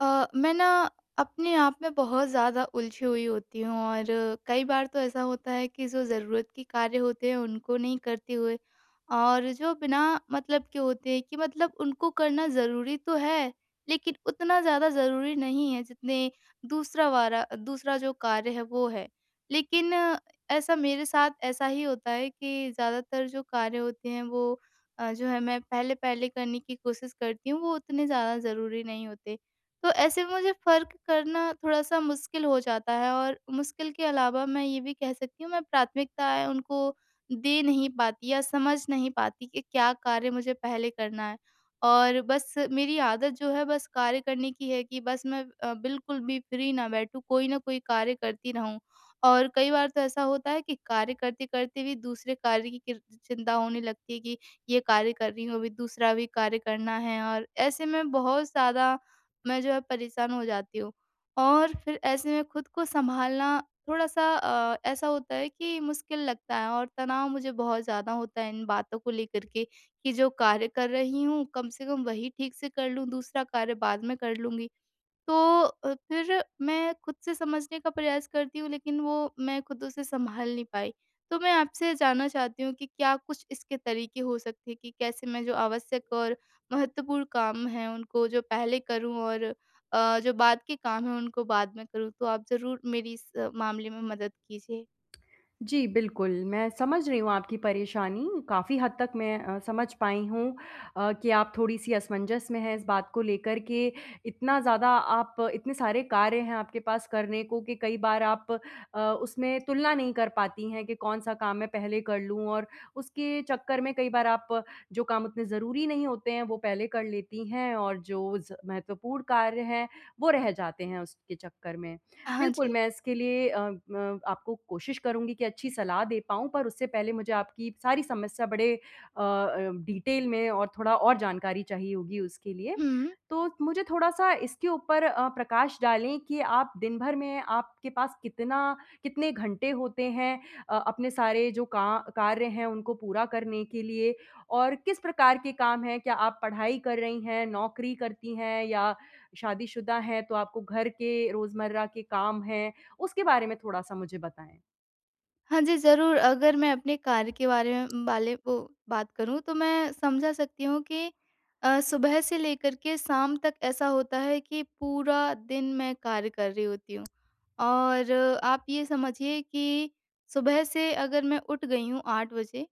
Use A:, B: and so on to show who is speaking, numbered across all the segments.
A: अ, मैं ना अपने आप में बहुत ज़्यादा उलझी हुई होती हूँ और कई बार तो ऐसा होता है कि जो ज़रूरत के कार्य होते हैं उनको नहीं करते हुए और जो बिना मतलब के होते हैं, कि मतलब उनको करना ज़रूरी तो है लेकिन उतना ज़्यादा ज़रूरी नहीं है, जितने दूसरा वाला दूसरा जो कार्य है वो है। लेकिन ऐसा मेरे साथ ऐसा ही होता है कि ज़्यादातर जो कार्य होते हैं वो अ, जो है मैं पहले-पहले करने की कोशिश करती हूँ, वो उतने ज़्यादा ज़रूरी नहीं होते। तो ऐसे मुझे फ़र्क करना थोड़ा-सा मुश्किल हो जाता है और मुश्किल के अलावा मैं ये भी कह सकती हूँ, मैं प्राथमिकताएँ उनको दे नहीं पाती या समझ नहीं पाती कि क्या कार्य मुझे पहले करना है। और बस मेरी आदत जो है बस कार्य करने की है कि बस मैं अ, बिल्कुल भी फ्री ना बैठूँ, कोई न कोई कार्य करती रहूँ। और कई बार तो ऐसा होता है कि कार्य करते-करते भी दूसरे कार्य की किर चिंता होने लगती है कि ये कार्य कर रही हूँ, अभी दूसरा भी कार्य करना है और ऐसे में बहुत ज़्यादा मैं जो है परेशान हो जाती हूँ। और फ़िर ऐसे में खुद को सँभालना थोड़ा-सा अ, ऐसा होता है कि मुश्किल लगता है और तनाव मुझे बहुत ज़्यादा होता है इन बातों को लेकर के कि जो कार्य कर रही हूँ कम से कम वही ठीक से कर लूँ, दूसरा कार्य बाद में कर लूँगी। तो अ, फ़िर मैं खुद से समझने का प्रयास करती हूँ लेकिन वो मैं खुद उसे सँभाल नहीं पाई। तो मैं आपसे ये जानना चाहती हूँ कि क्या कुछ इसके तरीके हो सकते हैं कि कैसे मैं जो आवश्यक और महत्वपूर्ण काम हैं उनको जो पहले करूँ और अ, जो बाद के काम हैं उनको बाद में करूँ? तो आप ज़रूर मेरी इस मामले में मदद कीजिए।
B: जी बिल्कुल, मैं समझ रही हूँ आपकी परेशानी काफ़ी हद तक मैं अ, समझ पाई हूँ अ, कि आप थोड़ी-सी असमंजस में हैं इस बात को लेकर के इतना ज़्यादा आप इतने सारे कार्य हैं आपके पास करने को, कि कई बार आप अ, उसमें तुलना नहीं कर पाती हैं कि कौन-सा काम मैं पहले कर लूँ। और उसके चक्कर में कई बार आप जो काम उतने ज़रूरी नहीं होते हैं वो पहले कर लेती हैं और जो ज़ महत्वपूर्ण कार्य है, वो रह जाते हैं उसके चक्कर में।
A: हाँ
B: बिल्कुल,
A: जी।
B: मैं इसके लिए अ अ, आपको कोशिश करूँगी की अच्छी सलाह दे पाऊँ, पर उससे पहले मुझे आपकी सारी समस्या बड़े अ अ, डीटेल में और थोड़ा और जानकारी चाहिए होगी उसके लिए।
A: हुँ।
B: तो मुझे थोड़ा-सा इसके ऊपर अ, प्रकाश डालें कि आप दिन भर में आपके पास कितना कितने घंटे होते हैं अ, अपने सारे जो का कार्य हैं उनको पूरा करने के लिए? और किस प्रकार के काम हैं? क्या आप पढ़ाई कर रही हैं, नौकरी करती हैं या शादीशुदा हैं, तो आपको घर के रोज़मर्रा के काम हैं। उसके बारे में थोड़ा-सा मुझे बताएँ?
A: हाँ जी, ज़रूर अगर मैं अपने कार्य के बारे में बाले को बात करूँ तो मैं समझा सकती हूँ कि अ, सुबह से लेकर के शाम तक ऐसा होता है कि पूरा दिन मैं कार्य कर रही होती हूँ। और आप ये समझिए कि सुबह से अगर मैं उठ गई हूँ 8:00 बजे,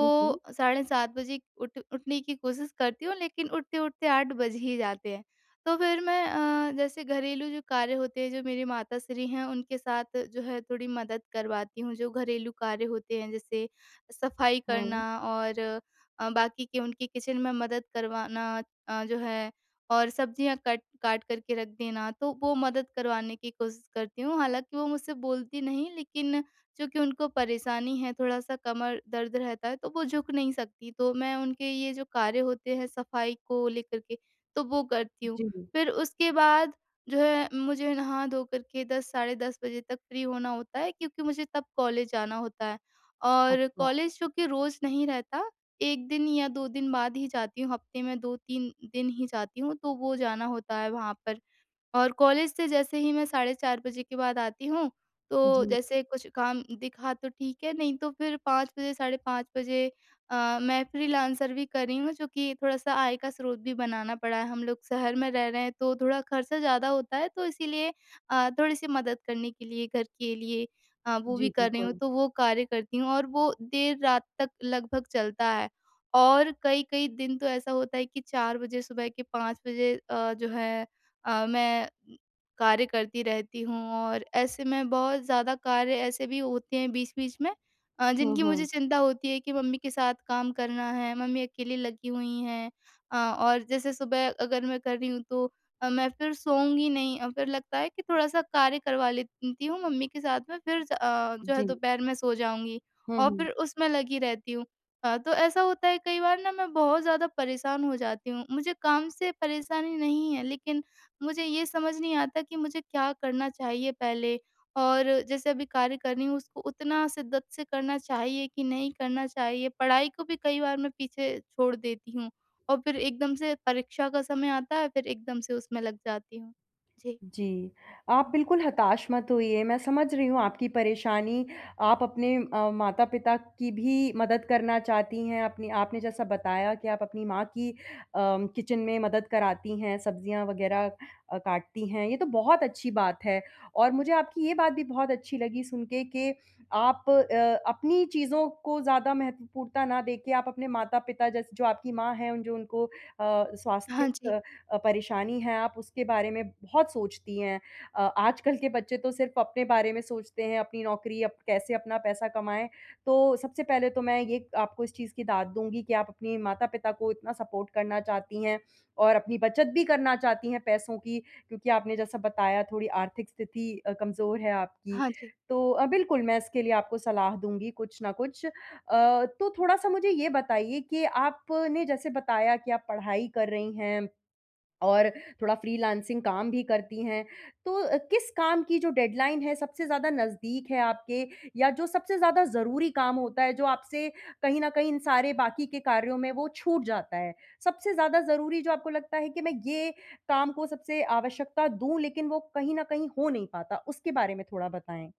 B: हुँ, हुँ।
A: साढ़े 7 बजे उठ उठने की कोशिश करती हूँ लेकिन उठते-उठते 8:00 बज ही जाते हैं। तो फिर मैं अ, जैसे घरेलू जो कार्य होते हैं जो मेरी माताश्री हैं उनके साथ जो है थोड़ी मदद करवाती हूँ। जो घरेलू कार्य होते हैं जैसे सफाई
B: हुँ।
A: करना और अ, बाकी के उनकी किचन में मदद करवाना अ, जो है और सब्जियाँ कट काट कर के रख देना तो वो मदद करवाने की कोशिश करती हूँ। हालाँकि वो मुझसे बोलती नहीं लेकिन चूँकि उनको परेशानी है थोड़ा कमर दर्द रहता तो वो झुक नहीं सकती तो मैं उनके ये जो कार्य होते हैं सफाई को लेकर के, तो वो करती हूँ।
B: जी।
A: फिर उसके बाद जो है मुझे नहा धो कर के 10:00 साढ़े 10 बजे तक फ्री होना होता है क्योंकि मुझे तब कॉलेज जाना होता। और
B: अच्छा।
A: कॉलेज क्योंकि रोज़ नहीं रहता 1 दिन या 2 दिन बाद ही जाती। हफ्ते में 2-3 दिन ही जाती हूँ तो वो जाना होता है वहाँ पर। और कॉलेज से जैसे ही मैं साढ़े 4 बजे के बाद आती हूँ तो,
B: जी।
A: जैसे कुछ काम दिखा तो ठीक है नहीं तो फिर 5:00 बजे साढ़े 5 बजे अ, मैं फ्रीलांसर भी कर रही हूँ चूँकि थोड़ा-सा आय का स्रोत भी बनाना पड़ा। हम लोग शहर में रह रहे तो थोड़ा खर्चा ज़्यादा होता है तो इसीलिए अ, थोड़ी-सी मदद करने के लिए घर के लिए। अ, वो
B: जी,
A: भी कर रही हूँ
B: बिल्कुल।
A: तो वो कार्य करती हूँ और वो देर रात तक लगभग चलता है। और कई-कई दिन तो ऐसा होता है कि 4:00 बजे सुबह के 5:00 बजे अ, जो है अ, मैं कार्य करती रहती हूँ और ऐसे में बहुत ज़्यादा कार्य ऐसे भी होते हैं बीच-बीच में, अ,
B: हाँ,
A: जिनकी मुझे
B: हाँ।
A: चिंता होती है कि मम्मी के साथ काम करना है, मम्मी अकेली लगी हुई हैं। अ, और जैसे सुबह अगर मैं कर रही हूँ तो अ, मैं फिर सोऊँगी नहीं अ, फिर लगता है कि थोड़ा-सा कार्य करवा लेती हूँ मम्मी के साथ में फिर स अ, जो है
B: जी।
A: दोपहर में सो जाऊँगी
B: हुँ,
A: और
B: हुँ।
A: फिर उसमें लगी रहती हूँ। अ, तो ऐसा होता है कई बार ना मैं बहुत ज़्यादा परेशान हो जाती हूँ। मुझे काम से परेशानी नहीं है लेकिन मुझे ये समझ नहीं आता कि मुझे क्या करना चाहिए पहले और जैसे अभी कार्य कर रही हूँ। उसको उतना शिद्दत से करना चाहिए कि नहीं करना चाहिए पढ़ाई को भी कई बार मैं पीछे छोड़ देती हूँ, और फिर एकदम से परीक्षा का समय आता है फिर एकदम से उसमें लग जाती हूँ, जी।
B: जी, आप बिल्कुल हताश मत होइए मैं समझ रही हूँ आपकी परेशानी। आप अपने अ, माता पिता की भी मदद करना चाहती हैं अपने आपने जैसा बताया कि आप अपनी माँ की अ, किचन में मदद कराती हैं सब्जियाँ वगैरह अ, काटती हैं। ये तो बहुत अच्छी बात है और मुझे आपकी ये बात भी बहुत अच्छी लगी सुन के कि आप अ, अपनी चीज़ों को ज़्यादा महत्वपूर्णता ना देके आप अपने माता-पिता जैसे जो आपकी माँ हैं उन जो उनको अ,
A: हाँ
B: स्वास्थिक
A: जी।
B: परेशानी है, आप उसके बारे में बहुत सोचती हैं। अ, आजकल के बच्चे तो सिर्फ अपने बारे में सोचते हैं। अपनी नौकरी अप कैसे अपना पैसा कमाएँ। तो सबसे पहले तो मैं ये आपको इस चीज़ की दाद दूँगी कि आप अपने माता-पिता को इतना सपोर्ट करना चाहती हैं और अपनी बचत भी करना चाहती हैं पैसों की, क्योंकि आपने जैसा बताया थोड़ी आर्थिक स्थिति अ, कमजोर है आपकी।
A: हाँ जी।
B: तो अ, बिल्कुल मैं इसके लिए आपको सलाह दूँगी कुछ ना कुछ। अ, तो थोड़ा-सा मुझे ये बताइए कि आपने जैसे बताया कि आप पढ़ाई कर रही हैं और थोड़ा फ्रीलांसिंग काम भी करती है, तो किस काम की जो डेडलाइन है सबसे ज़्यादा नज़दीक है आपके? या जो सबसे ज़्यादा ज़रूरी काम होता है जो आपसे कहीं न कहीं इन सारे बाकी के कार्यों में वो छूट जाता है। सबसे ज़्यादा ज़रूरी जो आपको लगता है कि मैं ये काम को सबसे आवश्यकता दूँ लेकिन वो कहीं न कहीं हो नहीं पाता। उसके बारे में थोड़ा बताएँ?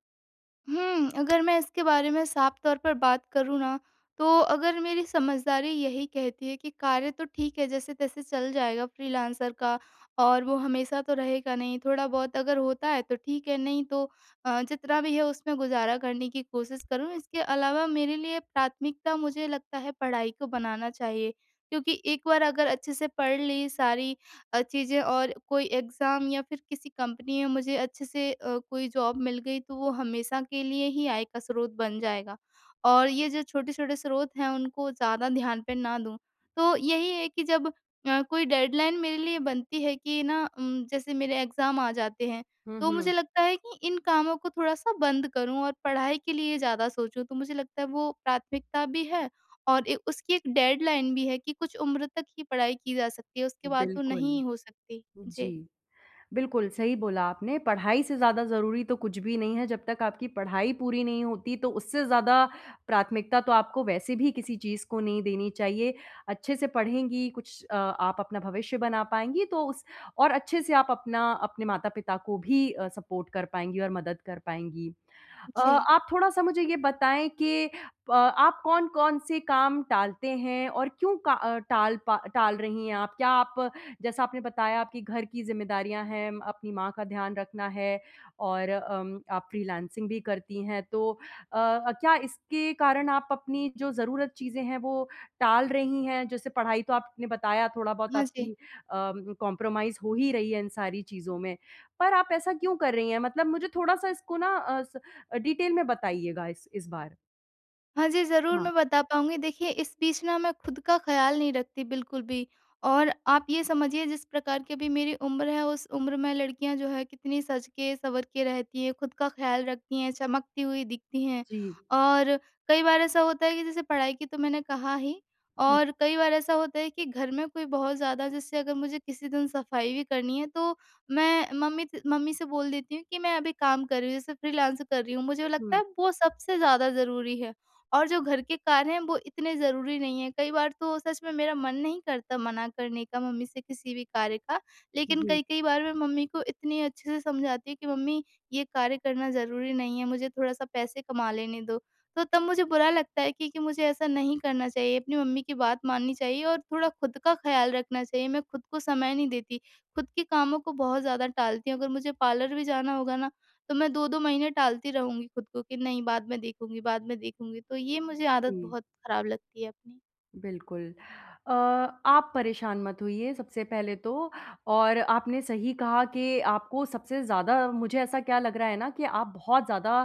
A: हुँ, अगर मैं इसके बारे में साफ़ तौर पर बात करूँ ना तो अगर मेरी समझदारी यही कहती है कि कार्य तो ठीक है जैसे-तैसे चल जाएगा फ्रीलांसर का और वो हमेशा तो रहेगा नहीं। थोड़ा-बहुत अगर होता है तो ठीक है नहीं तो अ, जितना भी है उसमें गुज़ारा करने की कोशिश करूँ। इसके अलावा मेरे लिए प्राथमिकता मुझे लगता है पढ़ाई को बनाना चाहिए। क्योंकि एक बार अगर अच्छे से पढ़ ली सारी अ, चीज़ें और कोई एग्ज़ाम या फिर किसी कंपनी में मुझे अच्छे से अ, कोई जॉब मिल गई तो वो हमेशा के लिए ही आय का स्रोत बन जाएगा। और ये जो छोटे-छोटे स्रोत हैं उनको ज़्यादा ध्यान पे ना दूँ। तो यही है कि जब अ, कोई डेडलाइन मेरे लिए बनती है कि ना उम, जैसे मेरे एग्ज़ाम आ जाते हैं,
B: हुँ,
A: तो मुझे
B: हुँ।
A: लगता है कि इन कामों को थोड़ा-सा बंद करूँ और पढ़ाई के लिए ज़्यादा सोचूँ। तो मुझे लगता है वो प्राथमिकता भी है और ए उसकी एक डेडलाइन भी है कि कुछ उम्र तक ही पढ़ाई की जा, सकती है उसके बाद तो
B: बिल्कुल।
A: नहीं हो सकती।
B: उ,
A: जी।
B: जी। बिल्कुल सही बोला आपने पढ़ाई से ज़्यादा ज़रूरी तो कुछ भी नहीं है जब तक आपकी पढ़ाई पूरी नहीं होती, तो उससे ज़्यादा प्राथमिकता तो आपको वैसे भी किसी चीज़ को नहीं देनी चाहिए। अच्छे से पढ़ेंगी कुछ अ, आप अपना भविष्य बना पाएँगी तो उस और अच्छे से आप अपना अपने माता-पिता को भी अ, सपोर्ट कर पाएँगी और मदद कर पाएँगी। अ,
A: जी।
B: आप थोड़ा-सा मुझे ये बताएँ कि प आप कौन-कौन से काम टालते हैं और क्यों का अ, टाल पा टाल रही हैं आप? क्या आप जैसा आपने बताया आपकी घर की ज़िम्मेदारियाँ हैं, अपनी माँ का ध्यान रखना है और अम, आप फ्रीलांसिंग भी करती हैं, तो अ, क्या इसके कारण आप अपनी जो ज़रूरत चीज़ें हैं वो टाल रही हैं? जैसे पढ़ाई तो आपने बताया थोड़ा-बहुत
A: हाँ जी।
B: आपकी अ, कंप्रोमाइज़ हो ही रही है इन सारी चीज़ों में। पर आप ऐसा क्यों कर रही हैं? मतलब मुझे थोड़ा-सा इसको ना अ, डिटेल में बताइएगा इस बार।
A: हाँ जी, ज़रूर
B: हाँ।
A: मैं बता पाऊँगी देखिए इस बीच ना मैं खुद का ख़याल नहीं रखती बिल्कुल भी और आप ये समझिए जिस प्रकार की अभी मेरी उम्र है उस उम्र में लड़कियाँ जो है कितनी सज के सँवर के रहती हैं, खुद का ख़याल रखती हैं, चमकती हुई दिखती हैं
B: जी।
A: और कई बार ऐसा होता है कि जैसे पढ़ाई की तो मैंने कहा ही
B: हुँ।
A: और कई बार ऐसा होता है कि घर में कोई बहुत ज़्यादा जैसे अगर मुझे किसी दिन सफाई भी करनी है, तो मैं मम्मी से मम्मी से बोल देती हूँ कि मैं अभी काम कर रही हूँ, जैसे फ्रीलांस कर रही हूँ मुझे लगता है
B: हुँ।
A: अब वो सबसे ज़्यादा ज़रूरी है और जो घर के कार्य हैं वो इतने ज़रूरी नहीं है। कई बार तो सच में मेरा मन नहीं करता मना करने का मम्मी से किसी भी कार्य का, लेकिन
B: जी।
A: कई-कई बार मैं मम्मी को इतनी अच्छे से समझाती हूँ कि मम्मी ये कार्य करना ज़रूरी नहीं है, मुझे थोड़ा-सा पैसे कमा लेने दो। तो तब मुझे बुरा लगता है क्योंकि मुझे ऐसा नहीं करना चाहिए अपनी मम्मी की बात माननी चाहिए और थोड़ा खुद का ख़याल रखना चाहिए मैं खुद को समय नहीं देती। खुद के कामों को बहुत ज़्यादा टालती हूँ, अगर मुझे पार्लर भी जाना होगा ना तो मैं 2-2 महीने टालती रहूँगी खुद को कि नहीं बाद में देखूँगी बाद में देखूँगी। तो ये मुझे आदत
B: जी।
A: बहुत खराब लगती है अपनी।
B: बिल्कुल। अ, आप परेशान मत होइए सबसे पहले तो, और आपने सही कहा कि आपको सबसे ज़्यादा मुझे ऐसा क्या लग रहा है ना, कि आप बहुत ज़्यादा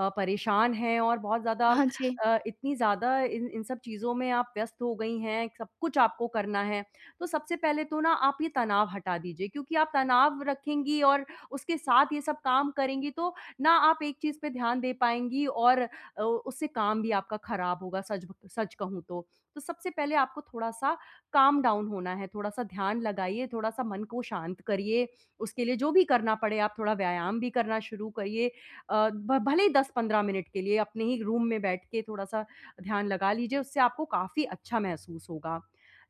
B: अ, परेशान हैं और बहुत ज़्यादा
A: हाँ जी।
B: अ, इतनी ज़्यादा इन इन सब चीज़ों में आप व्यस्त हो गई हैं, सब कुछ आपको करना है। तो सबसे पहले तो ना, आप ये तनाव हटा दीजिए, क्योंकि आप तनाव रखेंगी और उसके साथ ये सब काम करेंगी तो, ना आप एक चीज़ पे ध्यान दे पाएँगी और अ, उससे काम भी आपका खराब होगा, सच ब सच कहूँ तो। तो सबसे पहले आपको थोड़ा-सा काम डाउन होना है, थोड़ा-सा ध्यान लगाइए, थोड़ा-सा मन को शांत करिए। उसके लिए जो भी करना पड़े, आप थोड़ा व्यायाम भी करना शुरू करिए। अ, भ भले ही 10-15 मिनट के लिए, अपने ही एक रूम में बैठ के थोड़ा-सा ध्यान लगा लीजिए, उससे आपको काफ़ी अच्छा महसूस होगा।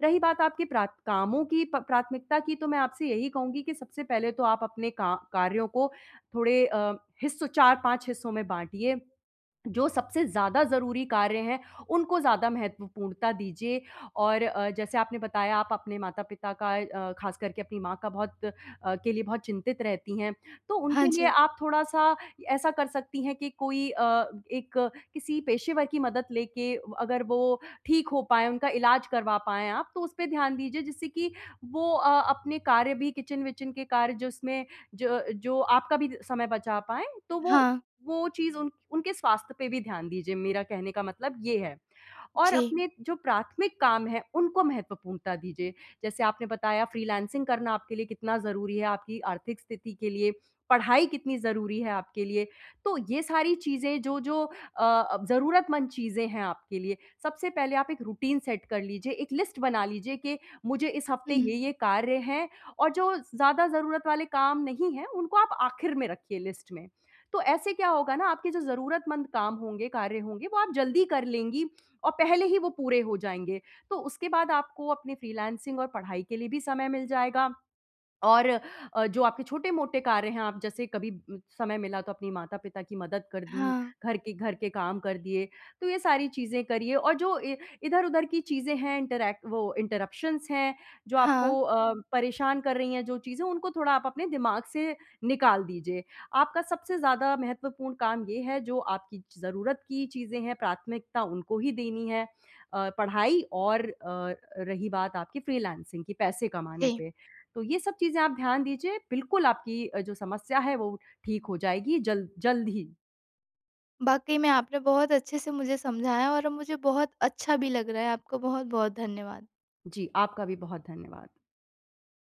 B: रही बात आपकी प्राथ कामों की प प्राथमिकता की, तो मैं आपसे यही कहूँगी कि सबसे पहले तो आप अपने का कार्यों को थोड़े अ, हिस्सों 4-5 हिस्सों में बाँटिए। जो सबसे ज़्यादा ज़रूरी कार्य हैं, उनको ज़्यादा महत्वपूर्णता दीजिए और अ, जैसे आपने बताया, आप अपने माता-पिता का अ, ख़ासकर के अपनी माँ का बहुत अ, के लिए बहुत चिंतित रहती हैं। तो
A: हाँ
B: उनके लिए
A: जी।
B: आप थोड़ा-सा ऐसा कर सकती हैं कि कोई अ, एक किसी पेशेवर की मदद लेके, अगर वो ठीक हो पाए, उनका इलाज करवा पाएँ आप, तो उसपे ध्यान दीजिए, जिससे कि वो अ, अपने कार्य भी किचन विचन के कार्य, जिसमें ज अ, जो आपका भी द समय बचा पाएँ, तो वो
A: हाँ।
B: वो चीज़ उन उनके स्वास्थ्य पे भी ध्यान दीजिए, मेरा कहने का मतलब ये है, और
A: जी।
B: अपने जो प्राथमिक काम हैं, उनको महत्वपूर्णता दीजिए। जैसे आपने बताया, फ़्रीलांसिंग करना आपके लिए कितना ज़रूरी है, आपकी आर्थिक स्थिति के लिए, पढ़ाई कितनी ज़रूरी है आपके लिए। तो ये सारी चीज़ें, जो-जो अ, ज़रूरतमंद चीज़ें हैं आपके लिए। सबसे पहले आप एक रुटीन सेट कर लीजिए, 1 लिस्ट बना लीजिए कि मुझे इस हफ़्ते
A: हुँ।
B: ये-ये कार्य हैं और जो ज़्यादा ज़रूरत वाले काम नहीं हैं, उनको आप आखिर में रखिए लिस्ट में। तो ऐसे क्या होगा ना, आपके जो ज़रूरतमंद काम होंगे, कार्य होंगे, वो आप जल्दी कर लेंगी और पहले ही वो पूरे हो जाएँगे। तो उसके बाद आपको अपनी फ़्रीलांसिंग और पढ़ाई के लिए भी समय मिल जाएगा और अ, जो आपके छोटे-मोटे कार्य हैं, आप जैसे कभी उम, समय मिला, तो अपनी माता-पिता की मदद कर दी,
A: हाँ।
B: घर के घर के काम कर दिए, तो ये सारी चीज़ें करिए और जो ए इधर-उधर की चीज़ें हैं, इंटरैक्ट वो इंटरप्शंस हैं, जो
A: हाँ।
B: आपको अ, परेशान कर रही हैं, जो चीज़ें, उनको थोड़ा आप अपने दिमाग से निकाल दीजिये। आपका सबसे ज़्यादा महत्वपूर्ण काम ये है, जो आपकी ज़रूरत की चीज़ें हैं, प्राथमिकता उनको ही देनी है अ, पढ़ाई और अ, रही बात आपकी फ़्रीलांसिंग की, पैसे कमाने
A: जी।
B: पे। तो ये सब चीज़ें आप ध्यान दीजिए, बिल्कुल आपकी अ, जो समस्या है, वो ठीक हो जाएगी जल जल्द ही।
A: वाक़ई में, आपने बहुत अच्छे से मुझे समझाया और अब मुझे बहुत अच्छा भी लग रहा है। आपको बहुत-बहुत धन्यवाद।
B: जी, आपका भी बहुत धन्यवाद।